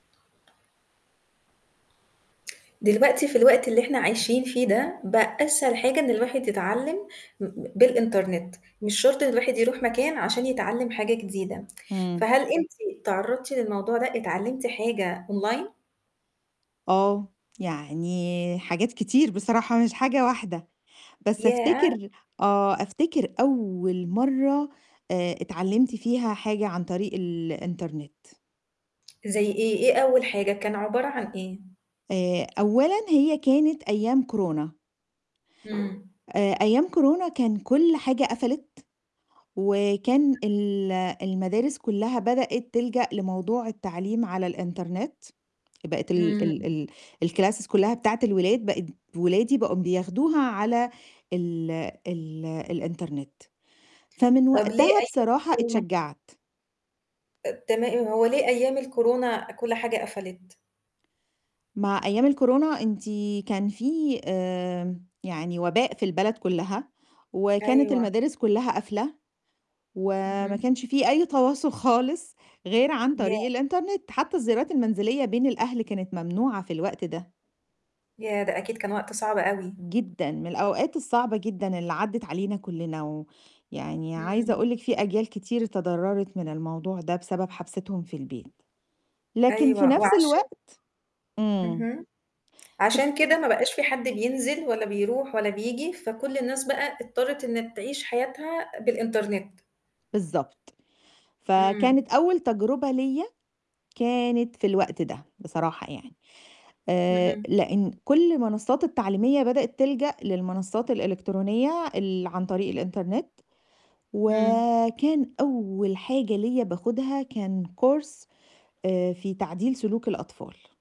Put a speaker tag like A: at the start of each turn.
A: دلوقتي في الوقت اللي إحنا عايشين فيه ده، بقى أسهل حاجة إن الواحد يتعلِّم م ب بالإنترنت، مش شرط إن الواحد يروح مكان عشان يتعلِّم حاجة جديدة.
B: إمم.
A: فهل أنتِ تعرّضتِ للموضوع ده، اتعلِّمتي حاجة أونلاين؟
B: آه، يعني حاجات كتير بصراحة مش حاجة واحدة. بس
A: ياه!
B: أفتكر آه، أفتكر أول مرّة آآ، اتعلِّمت فيها حاجة عن طريق الإنترنت.
A: زي إيه؟ إيه أول حاجة، كان عبارة عن إيه؟
B: آآ، أولًا هي كانت أيام كورونا.
A: إمم.
B: آآ، أيام كورونا كان كل حاجة قفلت، وكان ال المدارس كُلّها بدأت تلجأ لموضوع التعليم على الإنترنت. بقت ال ال
A: إمم.
B: ال الclasses كُلّها بتاعة الولاد بقت ولادي بقوا بياخدوها على ال ال الإنترنت. فمن
A: طب ليه
B: وقتها
A: أيام
B: بصراحة
A: الكورونا؟
B: اتشجّعت.
A: أ تما هو ليه أيام الكورونا كل حاجة قفلت؟
B: مع أيام الكورونا أنتِ كان في آمم يعني وباء في البلد كُلّها، وكانت
A: أيوه.
B: المدارس كُلّها قافلة وما
A: اهم.
B: كانش في أي تواصل خالص غير عن طريق
A: ياه!
B: الإنترنت، حتّى الزيارات المنزلية بين الأهل كانت ممنوعة في الوقت ده.
A: ياه! ده أكيد كان وقت صعب أوي.
B: جدًا، من الأوقات الصعبة جدًا اللي عدِّت علينا كُلّنا و يعني عايزة
A: إمم.
B: أقول لِك في أجيال كتير تضرَّرت من الموضوع ده، بسبب حبستهم في البيت. لكن في
A: أيوه
B: نَفْس
A: وعشا
B: الوقت إمم.
A: اهم. عشان كده ما بقاش في حد بينزل ولا بيروح ولا بييجي، فكل الناس بقى اضطرت إن تعيش حياتها بالإنترنت.
B: بالضبط.
A: إمم.
B: فكانت أول تجربة ليّا كانت في الوقت ده بصراحة يعني، آآ،
A: اهم.
B: لإن كل المنصّات التعليمية بدأت تلجأ للمنصّات الإلكترونية ال عن طريق الإنترنت.
A: إمم.
B: وكان أول حاجة ليّا باخُدها كان course آآ، في تعديل سلوك الأطفال.